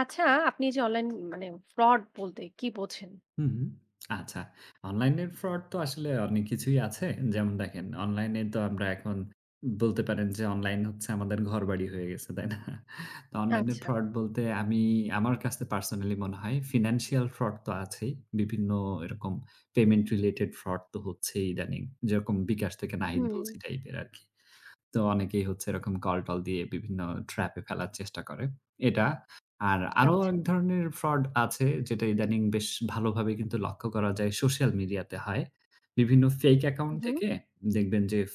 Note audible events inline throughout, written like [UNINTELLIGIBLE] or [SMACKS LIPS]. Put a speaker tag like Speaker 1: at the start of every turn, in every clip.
Speaker 1: আচ্ছা, আপনি যে Online মানে fraud বলতে কী বুঝেন?
Speaker 2: হুম। আচ্ছা, অনলাইনের fraud তো আসলে অনেক কিছুই আছে। যেমন দেখেন অনলাইনে তো আমরা এখন বলতে পারেন যে অনলাইন হচ্ছে আমাদের ঘরবাড়ি হয়ে গেছে, তাই না? তো অনলাইনের
Speaker 1: আচ্ছা।
Speaker 2: fraud বলতে আমি আমার কাছে personally মনে হয় financial fraud তো আছেই, বিভিন্ন এরকম payment related fraud তো হচ্ছেই ইদানিং। যেরকম বিকাশ থেকে নাহিদ বলছি
Speaker 1: হুম।
Speaker 2: টাইপের আরকি। তো অনেকেই হচ্ছে এরকম call টল দিয়ে বিভিন্ন trap এ ফেলার চেষ্টা করে, এটা। আর আরও
Speaker 1: আচ্ছা।
Speaker 2: এক ধরনের fraud আছে যেটা ইদানিং বেশ ভালোভাবে কিন্তু লক্ষ্য করা যায় social media তে হয়। বিভিন্ন fake account
Speaker 1: হু, হু।
Speaker 2: থেকে দেখবেন যে এফ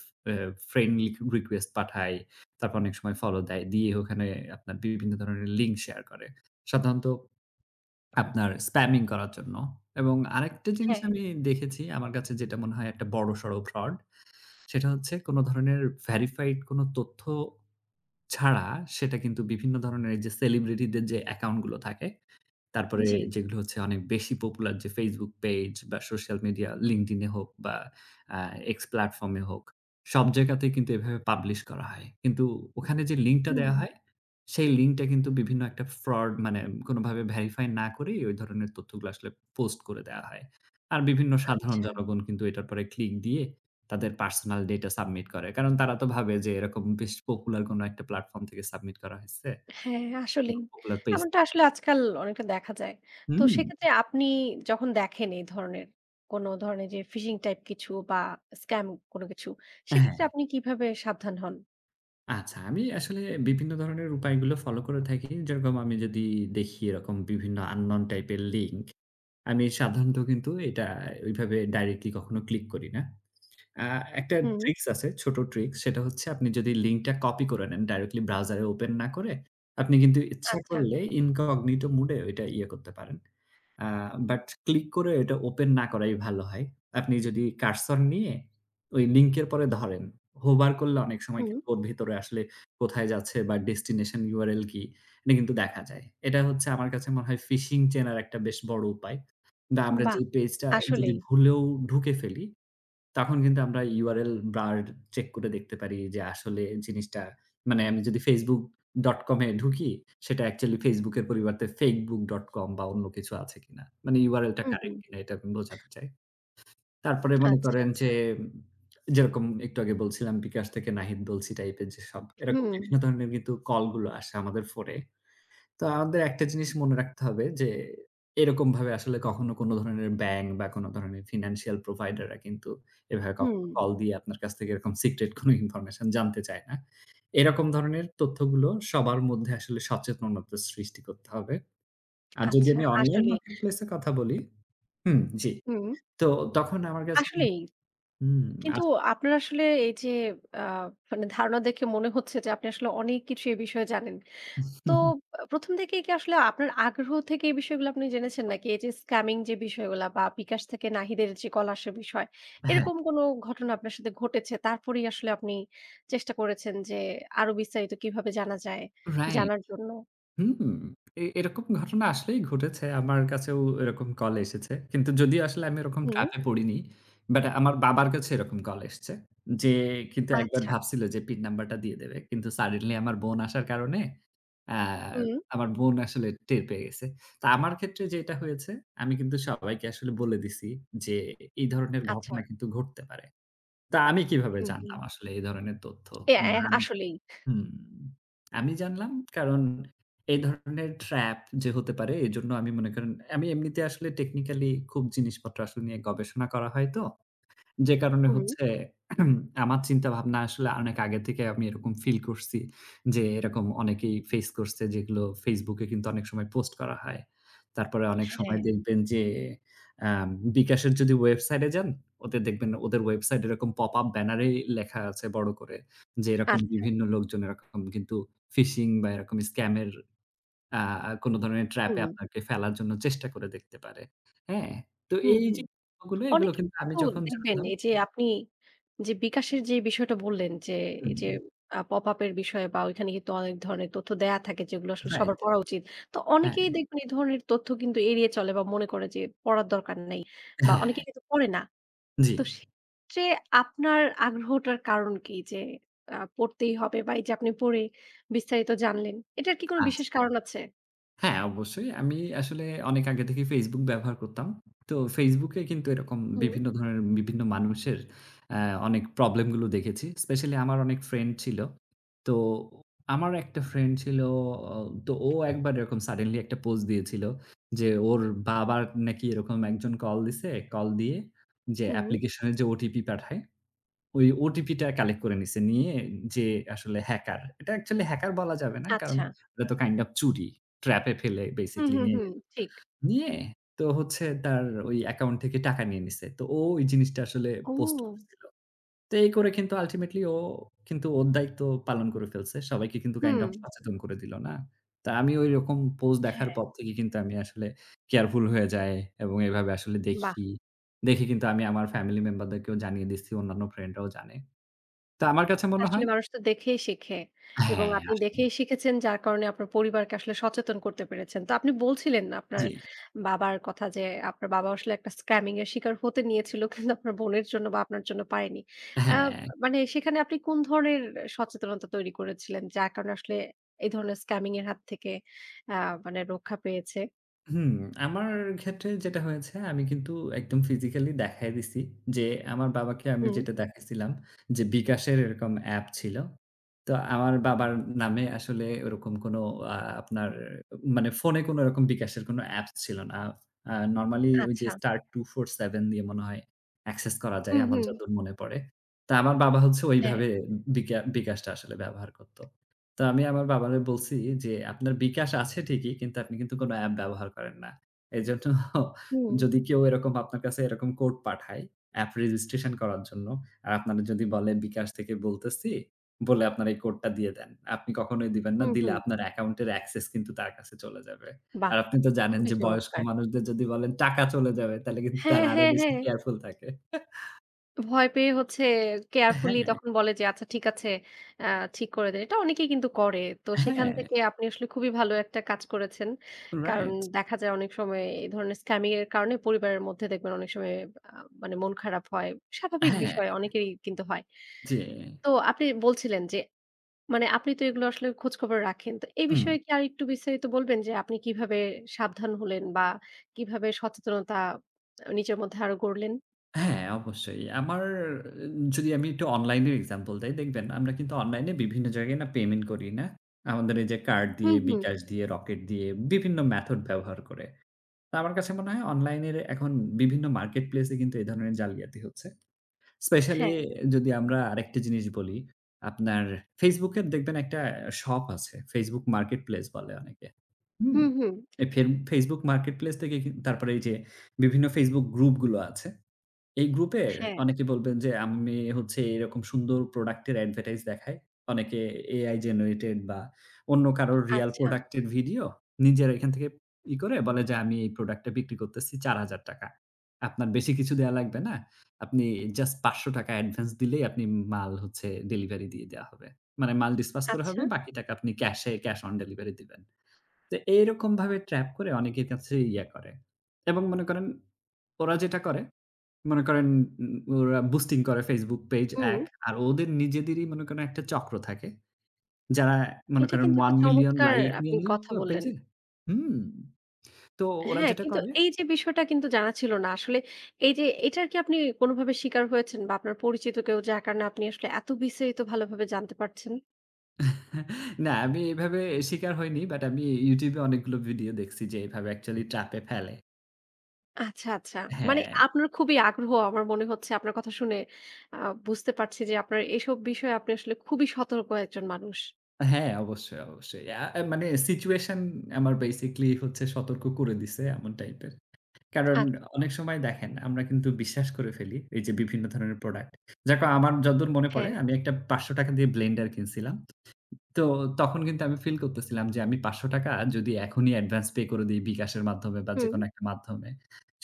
Speaker 2: friend request পাঠায়, তারপর অনেক সময় follow দেয়। দিয়ে ওখানে আপনার বিভিন্ন ধরনের link share করে। সাধারণত আপনার spamming করার জন্য এবং আরেকটা জিনিস
Speaker 1: হ্যা।
Speaker 2: আমি দেখেছি আমার কাছে যেটা মনে হয় একটা বড়সড় fraud, সেটা হচ্ছে কোন ধরনের verified কোন তথ্য ছাড়া সেটা কিন্তু বিভিন্ন ধরনের এইযে celebrity দের যে account গুলো থাকে তারপরে
Speaker 1: জ্বি।
Speaker 2: যেগুলো হচ্ছে অনেক বেশি popular যে Facebook page বা social media LinkedIn এ হোক বা এ X platform এ হোক, সব জায়গাতেই কিন্তু এভাবে publish করা হয়। কিন্তু ওখানে যে link টা দেয়া
Speaker 1: হুম।
Speaker 2: হয় সেই link টা কিন্তু বিভিন্ন একটা fraud মানে কোনভাবে verify না করেই ওই ধরনের তথ্যগুলো আসলে post করে দেয়া হয়। আর বিভিন্ন সাধারণ
Speaker 1: আচ্ছা।
Speaker 2: জনগণ কিন্তু এটার উপর click দিয়ে তাদের personal data submit করে। কারণ তারা তো ভাবে যে এরকম বেশ popular কোন একটা platform থেকে submit করা হয়েছে।
Speaker 1: হ্যাঁ,
Speaker 2: কোনো
Speaker 1: আসলেই।
Speaker 2: Popular page.
Speaker 1: এমনটা আসলে আজকাল অনেকটা দেখা যায়। তো
Speaker 2: হুম।
Speaker 1: সেক্ষেত্রে আপনি যখন দেখেন এই ধরনের কোনো ধরনের যে phishing type কিছু বা scam কোন কিছু, সেক্ষেত্রে
Speaker 2: হ্যাঁ।
Speaker 1: আপনি কীভাবে সাবধান হন?
Speaker 2: আচ্ছা, আমি আসলে বিভিন্ন ধরনের উপায়গুলো follow করে থাকি। যেরকম আমি যদি দেখি এরকম বিভিন্ন unknown type এর link, আমি সাধারণত কিন্তু এটা ওইভাবে directly কখনো click করি না। আ একটা
Speaker 1: হুম।
Speaker 2: tricks আছে, ছোট tricks, সেটা হচ্ছে আপনি যদি link টা copy করে নেন, directly browser এ open না করে, আপনি কিন্তু ইচ্ছা
Speaker 1: আচ্ছা।
Speaker 2: করলে incognito mode এ ওইটা ইয়ে করতে পারেন। আ But click করে ওইটা open না করাই ভালো হয়। আপনি যদি cursor নিয়ে ওই link এর পরে ধরেন, hover করলে অনেক সময়
Speaker 1: হুম।
Speaker 2: কিন্তু ওর ভিতরে আসলে কোথায় যাচ্ছে? বা destination URL কি? এটা কিন্তু দেখা যায়। এটা হচ্ছে আমার কাছে মনে হয় phishing চেনার একটা বেশ বড় উপায় বা আমরা
Speaker 1: বাহ!
Speaker 2: যেই page টা যদি
Speaker 1: আসলেই।
Speaker 2: ভুলেও ঢুকে ফেলি, তখন কিন্তু আমরা URL bar check করে দেখতে পারি যে, আসলে জিনিসটা মানে আমি যদি facebook.com এ ঢুকি সেটা actually Facebook এর পরিবর্তে fakebook.com বা অন্য কিছু আছে কিনা? মানে URL টা
Speaker 1: উম,
Speaker 2: correct
Speaker 1: হুম।
Speaker 2: কিনা এটা আমি বোঝাতে চাই। তারপরে মনে
Speaker 1: আচ্ছা,
Speaker 2: করেন
Speaker 1: আচ্ছা।
Speaker 2: যে, [SMACKS LIPS] যেরকম একটু আগে বলছিলাম বিকাশ থেকে নাহিদ বলছি type এর যেসব, এরকম
Speaker 1: হুম।
Speaker 2: বিভিন্ন ধরনের কিন্তু call গুলো আসে আমাদের phone এ। তো আমাদের একটা জিনিস মনে রাখতে হবে যে, এরকমভাবে আসলে কখনো কোনো ধরনের bank বা কোনো ধরনের financial provider রা কিন্তু এভাবে কখনো
Speaker 1: হুম।
Speaker 2: call দিয়ে আপনার কাছ থেকে এরকম secret কোনো information জানতে চায় না। এরকম ধরনের তথ্যগুলো সবার মধ্যে আসলে সচেতনতা সৃষ্টি করতে হবে। আর যদি
Speaker 1: আচ্ছা,
Speaker 2: আমি online
Speaker 1: আসলেই।
Speaker 2: marketplace এর কথা বলি, হুম, জি,
Speaker 1: হুম।
Speaker 2: তো তখন আমার কাছে, হু,
Speaker 1: আসলেই।
Speaker 2: হুম,
Speaker 1: কিন্তু
Speaker 2: আসলে।
Speaker 1: আপনার আসলে এই যে, আ মানে ধারণা দেখে মনে হচ্ছে যে, আপনি আসলে অনেক কিছু এই বিষয়ে জানেন। তো
Speaker 2: [CHUCKLES]
Speaker 1: ১ম থেকেই কি আসলে আপনার আগ্রহ থেকে এই বিষয়গুলো আপনি জেনেছেন? নাকি এই যে, scamming যে, বিষয়গুলো বা বিকাশ থেকে নাহিদের যে, কল আসা বিষয়,
Speaker 2: হ্যাঁ।
Speaker 1: এরকম কোনো ঘটনা আপনার সাথে ঘটেছে? তারপরেই আসলে আপনি চেষ্টা করেছেন যে, আরও বিস্তারিত কীভাবে জানা যায়
Speaker 2: রাইট।
Speaker 1: জানার জন্য?
Speaker 2: হুম, এ এরকম ঘটনা আসলেই ঘটেছে, আমার কাছেও এরকম call এসেছে। কিন্তু যদিও আসলে আমি এরকম trap
Speaker 1: হুম।
Speaker 2: এ পড়িনি। But আমার বাবার কাছে এরকম call এসেছে, যে, কিন্তু একবার
Speaker 1: আচ্ছা।
Speaker 2: ভাবছিল যে, PIN number টা দিয়ে দেবে। কিন্তু suddenly আমার বোন আসার কারণে অ্যা
Speaker 1: হুম।
Speaker 2: আমার বোন আসলে টের পেয়ে গেছে। তা আমার ক্ষেত্রে যেটা হয়েছে, আমি কিন্তু সবাইকে আসলে বলে দিছি যে, এই ধরনের ঘটনা
Speaker 1: আচ্ছা।
Speaker 2: কিন্তু ঘটতে পারে। তা আমি কিভাবে
Speaker 1: হু,
Speaker 2: জানলাম
Speaker 1: হুম।
Speaker 2: আসলে এই ধরনের তথ্য?
Speaker 1: অ্যা
Speaker 2: [UNINTELLIGIBLE]
Speaker 1: আসলেই।
Speaker 2: হুম, আমি জানলাম কারণ এই ধরনের trap যে, হতে পারে এজন্য আমি মনে করেন, আমি এমনিতে আসলে technically খুব জিনিসপত্র আসলে নিয়ে গবেষণা করা হয় তো। যে, কারণে
Speaker 1: হুম।
Speaker 2: হচ্ছে [CLEARS THROAT] আমার চিন্তাভাবনা আসলে অনেক আগে থেকেই আমি এরকম feel করছি যে, এরকম অনেকেই face করছে যেগুলো Facebook এ কিন্তু অনেক সময় post করা হয়। তারপরে অনেক সময়
Speaker 1: হ্যাঁ।
Speaker 2: দেখবেন যে, অ্যা বিকাশের যদি website এ যান ওদের দেখবেন, ওদের website এরকম pop up banner এ লেখা আছে বড় করে, যে, এরকম
Speaker 1: আচ্ছা।
Speaker 2: বিভিন্ন লোকজন এরকম কিন্তু phishing বা এরকম scam এর অ্যা অ্যা কোনো ধরনের trap এ
Speaker 1: হুম।
Speaker 2: আপনাকে ফেলার জন্য চেষ্টা করে দেখতে পারে। হ্যাঁ, তো
Speaker 1: হুম,
Speaker 2: এই যে,
Speaker 1: হুম।
Speaker 2: গুলো, এগুলো
Speaker 1: অনেকে
Speaker 2: কিন্তু আমি
Speaker 1: কিন্তু
Speaker 2: যখন
Speaker 1: দেখবেন
Speaker 2: জানলাম
Speaker 1: এইযে আপনি যে, বিকাশের যেই বিষয়টা বললেন যে, এইযে আ pop up এর বিষয়ে বা ওইখানে কিন্তু অনেক ধরনের তথ্য দেয়া থাকে যেগুলো আসলে
Speaker 2: রাইট।
Speaker 1: সবার পড়া উচিত। তো
Speaker 2: হ্যাঁ।
Speaker 1: অনেকেই দেখবেন এই ধরনের তথ্য কিন্তু এড়িয়ে চলে বা মনে করে যে, পড়ার দরকার নাই বা
Speaker 2: হ্যাঁ।
Speaker 1: অনেকেই কিন্তু পড়ে না।
Speaker 2: জি।
Speaker 1: তো সেক্ষেত্রে আপনার আগ্রহটার কারণ কী? যে, অ্যা পড়তেই হবে বা এই যে, আপনি পড়ে বিস্তারিত জানলেন, এটার কি কোনো বিশেষ
Speaker 2: আচ্ছা।
Speaker 1: কারণ আছে?
Speaker 2: হ্যাঁ, অবশ্যই। আমি আসলে অনেক আগে থেকেই Facebook ব্যবহার করতাম। তো Facebook এ কিন্তু এরকম
Speaker 1: হুম।
Speaker 2: বিভিন্ন ধরেন বিভিন্ন মানুষের অ্যা অনেক problem গুলো দেখেছি। specially আমার অনেক friend ছিলো, তো আমার একটা friend ছিলো ও তো ও একবার এরকম suddenly একটা post দিয়েছিল যে, ওর বাবার নাকি এরকম একজন call দিছে, call দিয়ে যে,
Speaker 1: হুম।
Speaker 2: application এর যে, OTP পাঠায়, ওই OTP টা collect করে নিছে, নিয়ে যে, আসলে hacker, এটা actually hacker বলা যাবে না, কারণ
Speaker 1: আচ্ছা।
Speaker 2: এটা তো kind of চুরি। trap এ ফেলে
Speaker 1: হুম,
Speaker 2: basically
Speaker 1: হুম,
Speaker 2: নিয়ে
Speaker 1: হুম,
Speaker 2: নিলো।
Speaker 1: ঠিক।
Speaker 2: নিয়ে তো হচ্ছে তার ওই account থেকে টাকা নিয়ে নিছে, তো ও ওই জিনিসটা আসলে post
Speaker 1: ও।
Speaker 2: করছিল। তো এই করে কিন্তু ultimately ও কিন্তু ওর দায়িত্ব পালন করে ফেলছে। সবাইকে কিন্তু kind of
Speaker 1: হুম।
Speaker 2: সচেতন করে দিলো না। তা আমি ওইরকম post দেখার
Speaker 1: হ্যাঁ।
Speaker 2: পর থেকে কিন্তু আমি আসলে careful হয়ে যাই এবং এভাবে আসলে
Speaker 1: বাহ!
Speaker 2: দেখি। দেখি কিন্তু আমি আমার family member দেরকেও জানিয়ে দিছি, অন্যান্য friend রাও জানে। তো আমার কাছে মনে
Speaker 1: আসলে
Speaker 2: হয়
Speaker 1: মানুষ তো দেখেই শেখে এবং
Speaker 2: হ্যাঁ,
Speaker 1: আপনি
Speaker 2: আসলে।
Speaker 1: দেখেই শিখেছেন যার কারণে আপনার পরিবারকে আসলে সচেতন করতে পেরেছেন। তো আপনি বলছিলেন আপনার
Speaker 2: জি।
Speaker 1: বাবার কথা যে, আপনার বাবাও আসলে একটা scamming এর শিকার হতে নিয়েছিল কিন্তু আপনার বোনের জন্য বা আপনার জন্য পারেনি। অ্যা
Speaker 2: হ্যাঁ।
Speaker 1: মানে সেখানে আপনি কোন ধরনের সচেতনতা তৈরি করেছিলেন? যার কারণে আসলে এই ধরনের scamming এর হাত থেকে অ্যা মানে রক্ষা পেয়েছে।
Speaker 2: হুম, আমার ক্ষেত্রে যেটা হয়েছে, আমি কিন্তু একদম physically দেখায়া দিছি যে, আমার বাবাকে আমি
Speaker 1: হুম।
Speaker 2: যেটা দেখাইছিলাম যে, বিকাশের এরকম app ছিলো। তো আমার বাবার নামে আসলে ওরকম কোনো আ আপনার মানে phone-এ কোনো ওরকম বিকাশের কোনো apps ছিল না। আ normally ওই যে,
Speaker 1: আচ্ছা।
Speaker 2: star 2-4-7 দিয়ে মনে হয় access করা যায়,
Speaker 1: হুম,
Speaker 2: আমার
Speaker 1: হুম।
Speaker 2: যতদূর মনে পড়ে। তা আমার বাবা হচ্ছে
Speaker 1: হ্যাঁ।
Speaker 2: ওইভাবে বিকা বিকাশটা আসলে ব্যবহার করতো। তা আমি আমার বাবারে বলছি যে, "আপনার বিকাশ আছে ঠিকই, কিন্তু আপনি কিন্তু কোনো app ব্যবহার করেন না। এজন্য [CHUCKLES]
Speaker 1: হুম।
Speaker 2: যদি কেউ এরকম আপনার কাছে এরকম code পাঠায়, app registration করার জন্য, আর আপনারে যদি বলে বিকাশ থেকে বলতেছি, বলে আপনার এই code টা দিয়ে দেন। আপনি কখনোই দিবেন না।
Speaker 1: হুম,
Speaker 2: দিলে
Speaker 1: হুম।
Speaker 2: আপনার account-এর access কিন্তু তার কাছে চলে যাবে।"
Speaker 1: বাহ!
Speaker 2: আর আপনি তো জানেন
Speaker 1: খুবি
Speaker 2: যে, বয়স্ক
Speaker 1: চমৎকার।
Speaker 2: মানুষদের যদি বলেন টাকা চলে যাবে, তাহলে কিন্তু
Speaker 1: হ্যাঁ,
Speaker 2: তারা আরও
Speaker 1: হ্যাঁ,
Speaker 2: বেশি
Speaker 1: হ্যাঁ।
Speaker 2: careful থাকে। [CHUCKLES]
Speaker 1: ভয় পেয়ে হচ্ছে carefully
Speaker 2: হ্যাঁ।
Speaker 1: তখন বলে যে আচ্ছা ঠিক আছে, অ্যাঁ ঠিক করে দেয়। এটা অনেকেই কিন্তু করে। তো সেখান
Speaker 2: হ্যাঁ।
Speaker 1: থেকে আপনি আসলে খুবই ভালো একটা কাজ করেছেন। কারণ
Speaker 2: right।
Speaker 1: দেখা যায় অনেক সময় এই ধরনের scamming এর কারণে পরিবারের মধ্যে দেখবেন অনেক সময় আ মানে মন খারাপ হয়। স্বাভাবিক
Speaker 2: হ্যাঁ।
Speaker 1: বিষয় অনেকেরই কিন্তু হয়।
Speaker 2: জ্বি।
Speaker 1: তো আপনি বলছিলেন যে মানে আপনি তো এগুলো আসলে খোঁজখবর রাখেন। তো এই
Speaker 2: হুম।
Speaker 1: বিষয়ে কি আর একটু বিস্তারিত বলবেন যে আপনি কিভাবে সাবধান হলেন বা কিভাবে সচেতনতা আ নিজের মধ্যে আরও গড়লেন?
Speaker 2: হ্যাঁ, অবশ্যই। আমার যদি আমি একটু online-এর example দেই, দেখবেন আমরা কিন্তু online-এ বিভিন্ন জায়গায় না payment করি, না? আমাদের এই যে card
Speaker 1: হুম,
Speaker 2: দিয়ে,
Speaker 1: হুম।
Speaker 2: bKash দিয়ে, Rocket দিয়ে বিভিন্ন method ব্যবহার করে। তা আমার কাছে মনে হয় online-এর এখন বিভিন্ন marketplace-এ কিন্তু এই ধরনের জালিয়াতি হচ্ছে। specially
Speaker 1: হ্যাঁ।
Speaker 2: যদি আমরা আরেকটা জিনিস বলি, আপনার Facebook-এ দেখবেন একটা shop আছে Facebook marketplace বলে অনেকে। হুম?
Speaker 1: হুম, হুম।
Speaker 2: এ ফেব Facebook marketplace থেকে তারপরে এই যে বিভিন্ন Facebook group গুলো আছে। এই group-এ
Speaker 1: হ্যাঁ।
Speaker 2: অনেকে বলবেন যে আমি হচ্ছে এইরকম সুন্দর product-এর advertise দেখায়। অনেকে AI generated বা অন্য কারোর real
Speaker 1: আচ্ছা।
Speaker 2: product-এর video নিজের এখান থেকে ই করে বলে যে আমি এই product-টা বিক্রি করতেছি ৳৪,০০০। আপনার বেশি কিছু দেওয়া লাগবে না। আপনি just ৳৫০০ advance দিলেই আপনি মাল হচ্ছে delivery দিয়ে দেয়া হবে। মানে মাল dispatch করা
Speaker 1: আচ্ছা।
Speaker 2: হবে বাকি টাকা আপনি cash-এ cash on delivery দিবেন। তো এইরকমভাবে trap করে অনেকের কাছে ইয়া করে এবং মনে করেন ওরা যেটা করে মনে করেন উ ওরা boosting করে Facebook page
Speaker 1: হুম।
Speaker 2: ad আর ওদের নিজেদেরই মনে করেন একটা চক্র থাকে। যারা মনে
Speaker 1: এটা
Speaker 2: করেন
Speaker 1: কিন্তু একটা
Speaker 2: 1 million
Speaker 1: চমৎকার
Speaker 2: like
Speaker 1: আপনি কথা
Speaker 2: [UNINTELLIGIBLE]
Speaker 1: বললেন।
Speaker 2: page-এ। হুম। তো ওরা
Speaker 1: হ্যাঁ,
Speaker 2: যেটা
Speaker 1: কিন্তু
Speaker 2: করে
Speaker 1: এই যে বিষয়টা কিন্তু জানা ছিল না, আসলে এইযে এটার কি আপনি কোনোভাবে শিকার হয়েছেন বা আপনার পরিচিত কেউ যার কারণে আপনি আসলে এত বিস্তারিত ভালোভাবে জানতে পারছেন?
Speaker 2: [CHUCKLES] না আমি এইভাবে শিকার হইনি but আমি YouTube-এ অনেকগুলো video দেখছি যে এইভাবে actually trap-এ ফেলে।
Speaker 1: আচ্ছা, আচ্ছা। মানে
Speaker 2: হ্যাঁ।
Speaker 1: আপনার খুবই আগ্রহ আমার মনে হচ্ছে আপনার কথা শুনে আ বুঝতে পারছি যে আপনার এসব বিষয়ে আপনি আসলে খুবই সতর্ক একজন মানুষ।
Speaker 2: হ্যাঁ, অবশ্যই, অবশ্যই। আ আ মানে situation আমার basically হচ্ছে সতর্ক করে দিছে এমন type-এর। কারণ
Speaker 1: আছ
Speaker 2: অনেক সময় দেখেন আমরা কিন্তু বিশ্বাস করে ফেলি এইযে বিভিন্ন ধরনের product। যা কো আমার যতদূর মনে পড়ে
Speaker 1: হ্যাঁ।
Speaker 2: আমি একটা ৳৫০০ দিয়ে blender কিনছিলাম। তো তখন কিন্তু আমি feel করতেছিলাম যে আমি ৳৫০০ যদি এখনই advance pay করে দেই bKash এর মাধ্যমে বা
Speaker 1: হুম।
Speaker 2: যেকোনো একটা মাধ্যমে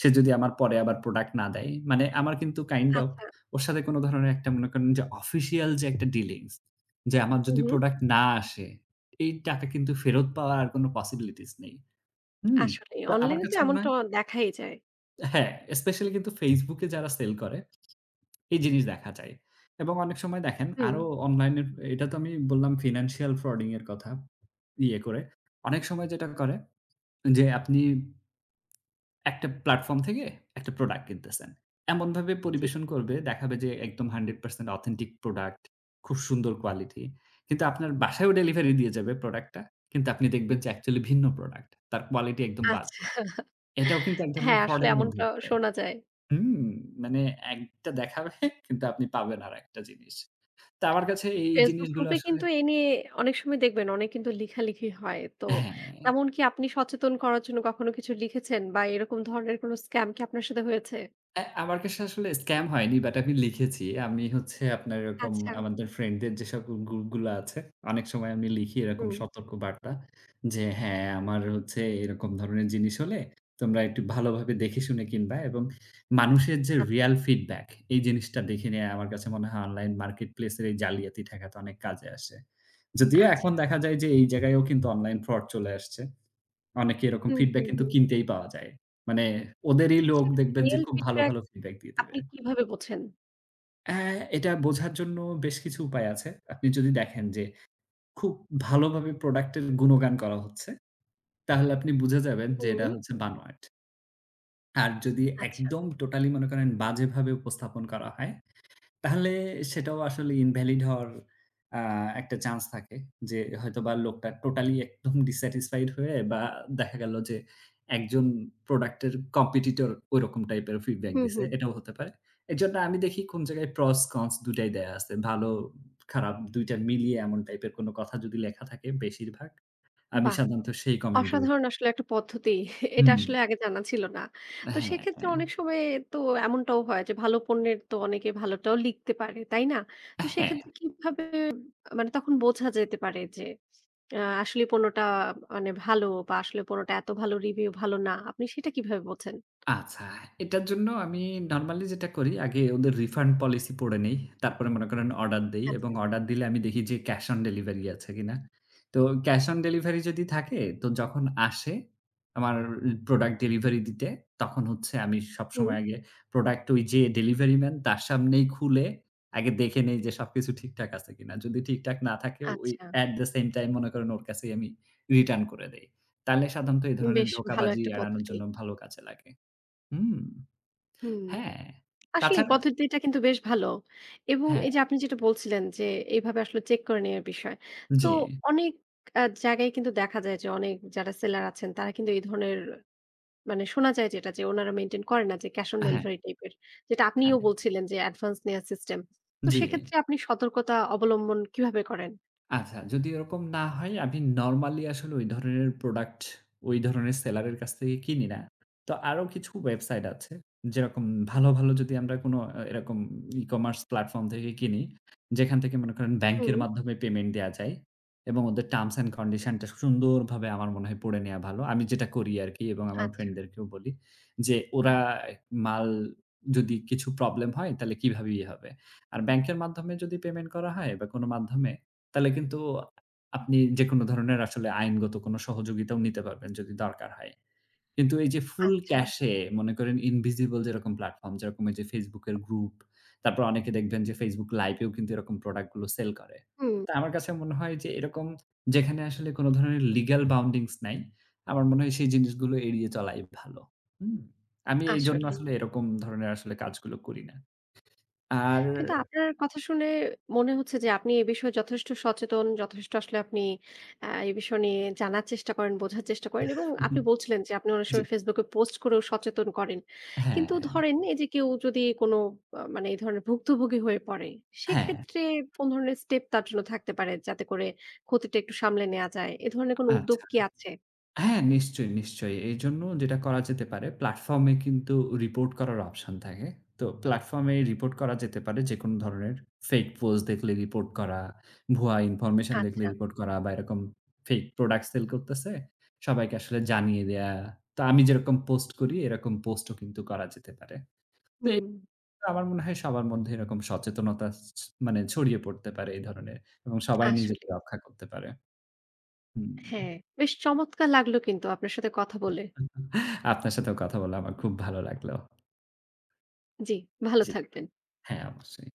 Speaker 2: সে যদি আমার পরে আবার product না দেয়। মানে আমার কিন্তু kind of
Speaker 1: আচ্ছা।
Speaker 2: ওর সাথে কোনো ধরনের একটা মনে করেন যে official যে একটা dealings যে আমার
Speaker 1: উ
Speaker 2: যদি
Speaker 1: হুম।
Speaker 2: product না আসে এই টাকা কিন্তু ফেরত পাওয়ার আর কোনো possibilities নেই। হুম।
Speaker 1: আসলেই
Speaker 2: তো আমার
Speaker 1: online-এ তো
Speaker 2: কাছে মনে
Speaker 1: এমনটা
Speaker 2: হয়
Speaker 1: অ দেখাই যায়।
Speaker 2: হ্যাঁ, specially কিন্তু Facebook-এ যারা sell করে এই জিনিস দেখা যায় এবং অনেক সময় দেখেন
Speaker 1: হুম।
Speaker 2: আরও online-এর এটা তো আমি বললাম financial frauding -এর কথা ইয়ে করে। অনেক সময় যেটা করে যে আপনি একটা platform থেকে একটা product কিনতেছেন এমনভাবে
Speaker 1: জি।
Speaker 2: পরিবেশন করবে দেখাবে যে একদম 100% authentic product খুব সুন্দর quality কিন্তু আপনার বাসায়ও delivery দিয়ে যাবে product-টা। কিন্তু আপনি দেখবেন যে actually ভিন্ন product তার quality একদম
Speaker 1: আচ্ছা।
Speaker 2: বাজে। এটাও কিন্তু এক ধরনের
Speaker 1: হ্যাঁ, আসলে
Speaker 2: fraud-এর
Speaker 1: এমন ট
Speaker 2: মধ্যেই পড়ে
Speaker 1: শোনা যায়।
Speaker 2: হুম। মানে একটা দেখাবে কিন্তু আপনি পাবেন আরেকটা জিনিস। তো আমার কাছে এই
Speaker 1: Facebook
Speaker 2: জিনিসগুলো
Speaker 1: group-এ
Speaker 2: আসলে
Speaker 1: কিন্তু এই নিয়ে অনেক সময় দেখবেন অনেক কিন্তু লিখালিখি হয়। তো
Speaker 2: হ্যাঁ।
Speaker 1: তেমন কি আপনি সচেতন করার জন্য কখনো কিছু লিখেছেন বা এরকম ধরনের কোনো scam কি আপনার সাথে হয়েছে?
Speaker 2: অ্যা আমার কাছে আসলে scam হয়নি but আমি লিখেছি। আমি হচ্ছে আপনার এরকম
Speaker 1: আচ্ছা।
Speaker 2: আমাদের friend-দের যে সকল groupগুলো আছে অনেক সময় আমি লিখি এরকম
Speaker 1: হুম।
Speaker 2: সতর্কবার্তা। যে হ্যাঁ, আমার হচ্ছে এরকম ধরনের জিনিস হলে তোমরা একটু ভালোভাবে দেখেশুনে কিনবা এবং মানুষের যে
Speaker 1: আচ্ছা।
Speaker 2: real feedback এই জিনিসটা দেখে নেয়া আমার কাছে মনে হয় online marketplace-এর এই জালিয়াতি ঠেকাতে অনেক কাজে আসে। যদিও
Speaker 1: আচ্ছা।
Speaker 2: এখন দেখা যায় যে এইযে জায়গায়ও কিন্তু online fraud চলে আসছে। অনেকে এরকম
Speaker 1: হুম,
Speaker 2: feedback
Speaker 1: হুম,
Speaker 2: কিন্তু
Speaker 1: হুম।
Speaker 2: কিনতেই পাওয়া যায়। মানে ওদেরই লোক
Speaker 1: সে ক্ষেত্রে
Speaker 2: দেখবেন যে
Speaker 1: real
Speaker 2: খুব ভালো,
Speaker 1: feedback
Speaker 2: ভালো feedback দিয়ে দিবে।
Speaker 1: আপনি কিভাবে বোঝেন?
Speaker 2: হ্যা, এটা বোঝার জন্য, বেশ কিছু উপায় আছে। আপনি যদি দেখেন যে, খুব ভালোভাবে প্রোডাক্ট এর গুণগান করা হচ্ছে, তাহলে আপনি বুঝে যাবেন যে, এটা
Speaker 1: হুম।
Speaker 2: হচ্ছে বানোয়াট। আর, যদি
Speaker 1: আচ্ছা।
Speaker 2: একদম টোটালি মনে করেন, বাজেভাবে উপস্থাপন করা হয়, তাহলে সেটাও আসলে ইনভ্যালিড হওয়ার আ একটা চান্স থাকে যে, হয়তোবা লোকটা টোটালি একদম ডিস্স্যাটিসফাইড হয়ে বা দেখা গেল যে, একজন প্রোডাক্ট-এর কম্পেটিটর, ওইরকম টাইপ-এর ফীডব্যাক
Speaker 1: হু,
Speaker 2: দিছে,
Speaker 1: হু।
Speaker 2: এটাও হতে পারে। এজন্য আমি দেখি, কোন জায়গায় প্রস কন্স, ২ টাই দেয়া আছে। ভালোট-খারাপ ২ টা মিলিয়ে এমন টাইপ-এর কোন কথা যদি লেখা থাকে বেশিরভাগ, আমি
Speaker 1: বাহ!
Speaker 2: সাধারণত সেই কমেন্টগুলো
Speaker 1: অসাধারণ আসলে, একটা পদ্ধতি। এটা
Speaker 2: হুম।
Speaker 1: আসলে, আগে জানা ছিল না। তো
Speaker 2: হ্যাঁ,
Speaker 1: সেক্ষেত্রে,
Speaker 2: হ্যাঁ।
Speaker 1: অনেক সময় তো এমনটাও হয় যে, ভালো পণ্যের তো অনেকে ভালোটাও লিখতে পারে, তাই না? তো
Speaker 2: হ্যাঁ।
Speaker 1: সেক্ষেত্রে, কীভাবে মানে তখন বোঝা যেতে পারে যে, আ আসলেই পণ্যটা মানে ভালো বা আসলে পণ্যটা এত ভালো রিভিউ ভালো না, আপনি সেটা কিভাবে বোঝেন?
Speaker 2: আচ্ছা, এটার জন্য আমি নরম্যালি যেটা করি, আগে ওদের রিফান্ড পলিসি পড়ে নেই। তারপরে মনে করেন, অর্ডার দেই এবং
Speaker 1: আচ্ছা।
Speaker 2: অর্ডার দিলে আমি দেখি যে, ক্যাশ অন ডেলিভারি আছে কিনা। তো ক্যাশ অন ডেলিভারি যদি থাকে, তো যখন আসে, আমার প্রোডাক্ট ডেলিভারি দিতে, তখন হচ্ছে আমি সব
Speaker 1: হুম।
Speaker 2: সময় আগে প্রোডাক্ট ওই যে ডেলিভারি ম্যান, তার সামনেই খুলে আগে দেখে নেই যে, সবকিছু ঠিকঠাক আছে কিনা। যদি ঠিকঠাক না থাকে ওই,
Speaker 1: আচ্ছা।
Speaker 2: এট দ্য সেইম টাইম মনে করেন, ওর কাছেই আমি রিটার্ন করে দেই। তাহলে সাধারণত এই ধরনের
Speaker 1: বেশ ভালো
Speaker 2: ধোঁকাবাজি
Speaker 1: একটা
Speaker 2: এড়ানোর
Speaker 1: পদ্ধতি।
Speaker 2: জন্য, ভালো কাজে লাগে হুম।
Speaker 1: হুম।
Speaker 2: হ্যাঁ।
Speaker 1: আসলেই
Speaker 2: তাছাড়া
Speaker 1: পদ্ধতিটা কিন্তু বেশ ভালো। এবং
Speaker 2: হ্যাঁ।
Speaker 1: এইযে আপনি যেটা বলছিলেন যে, এভাবে আসলে চেক করে নেয়ার বিষয়। তো,
Speaker 2: জ্বী।
Speaker 1: অনেক আ জায়গায় কিন্তু দেখা যায় যে, অনেক যারা সেলার আছেন, তারা কিন্তু এই ধরনের মানে শোনা যায় যেটা যে, ওনারা মেইনটেইন করে না যে, ক্যাশ অন
Speaker 2: হ্যাঁ।
Speaker 1: ডেলিভারি টাইপ এর। যেটা আপনিও
Speaker 2: হ্যাঁ।
Speaker 1: বলছিলেন যে, অ্যাডভান্স নেয়ার সিস্টেম। তো
Speaker 2: জ্বী।
Speaker 1: সেক্ষেত্রে, আপনি সতর্কতা অবলম্বন কিভাবে করেন?
Speaker 2: আচ্ছা, যদি এরকম না হয় আমি normally আসলে ওই ধরনের product ওই ধরনের seller এর কাছ থেকে কিনি না। তো আরও কিছু website আছে যেরকম ভালো, ভালো যদি আমরা কোনো আ এরকম e-commerce platform থেকে কিনি যেখান থেকে মনে করেন bank
Speaker 1: হুম।
Speaker 2: এর মাধ্যমে payment দেয়া যায় এবং ওদের terms and condition-টা সুন্দরভাবে আমার মনে হয় পড়ে নেয়া ভালো। আমি যেটা করি আরকি এবং আমার
Speaker 1: আচ্ছা।
Speaker 2: friend দেরকেও বলি। যে ওরা মাল যদি কিছু problem হয় তালে কিভাবে ই হবে। আর bank-এর মাধ্যমে যদি payment করা হয় বা কোনো মাধ্যমে তালে কিন্তু আপনি যেকোনো ধরনের আসলে আইনগত কোনো সহযোগিতাও নিতে পারবেন, যদি দরকার হয়। কিন্তু এই যে full
Speaker 1: আচ্ছা।
Speaker 2: cash এ মনে করেন invisible যেরকম platform, যেরকম এই যে Facebook এর group, তারপর অনেকে দেখবেন যে Facebook live-এও কিন্তু এরকম product গুলো sell করে।
Speaker 1: হুম।
Speaker 2: তা আমার কাছে মনে হয় যে এরকম যেখানে আসলে কোনো ধরনের legal bounding's নাই, আমার মনে হয় সেই জিনিসগুলো এড়িয়ে চলাই ভালো। হুম? আমি এইজন্য আসলে
Speaker 1: আসলেই।
Speaker 2: এরকম ধরনের আসলে কাজগুলো করি না। আর
Speaker 1: কিন্তু আপনার কথা শুনে মনে হচ্ছে যে, আপনি এ বিষয়ে যথেষ্ট সচেতন, যথেষ্ট আসলে আপনি আ এ বিষয় নিয়ে জানার চেষ্টা করেন, বোঝার চেষ্টা করেন এবং আপনি
Speaker 2: [CHUCKLES]
Speaker 1: বলছিলেন যে আপনি অনেক
Speaker 2: জি।
Speaker 1: সময় Facebook-এ post করেও সচেতন করেন। কিন্তু
Speaker 2: হ্যাঁ।
Speaker 1: ধরেন, এই যে কেউ যদি কোনো আ মানে এই ধরনের ভুক্তভোগী হয়ে পড়ে
Speaker 2: হ্যাঁ।
Speaker 1: সেক্ষেত্রে কোন ধরনের step তার জন্য থাকতে পারে যাতে করে ক্ষতিটা একটু সামলে নেয়া যায়? এ ধরনের কোনো উদ্যোগ
Speaker 2: আচ্ছা।
Speaker 1: কি আছে?
Speaker 2: হ্যাঁ, নিশ্চয়ই, নিশ্চয়ই। এইজন্য যেটা করা যেতে পারে platform-এ কিন্তু report করার option থাকে। তো platform-এ report করা যেতে পারে। যেকোনো ধরনের fake post দেখলে report করা, ভুয়া information দেখলে
Speaker 1: আচ্ছা।
Speaker 2: report করা বা এরকম fake product sell করতেছে সবাইকে আসলে জানিয়ে দেয়া। তো আমি যেরকম post করি এরকম post ও কিন্তু করা যেতে পারে। তো এ
Speaker 1: হুম।
Speaker 2: আমার মনে হয় সবার মধ্যে এরকম সচেতনতা ছ মানে ছড়িয়ে পড়তে পারে এই ধরনের এবং সবাই নিজেকে
Speaker 1: আসলেই।
Speaker 2: রক্ষা করতে পারে। হুম।
Speaker 1: হ্যাঁ, বেশ চমৎকার লাগলো কিন্তু আপনার সাথে কথা বলে।
Speaker 2: [CHUCKLES] আপনার সাথেও কথা বলা আমার খুব ভালো লাগলো।
Speaker 1: জি ভালো
Speaker 2: জি।
Speaker 1: থাকবেন।
Speaker 2: হ্যাঁ অবশ্যই।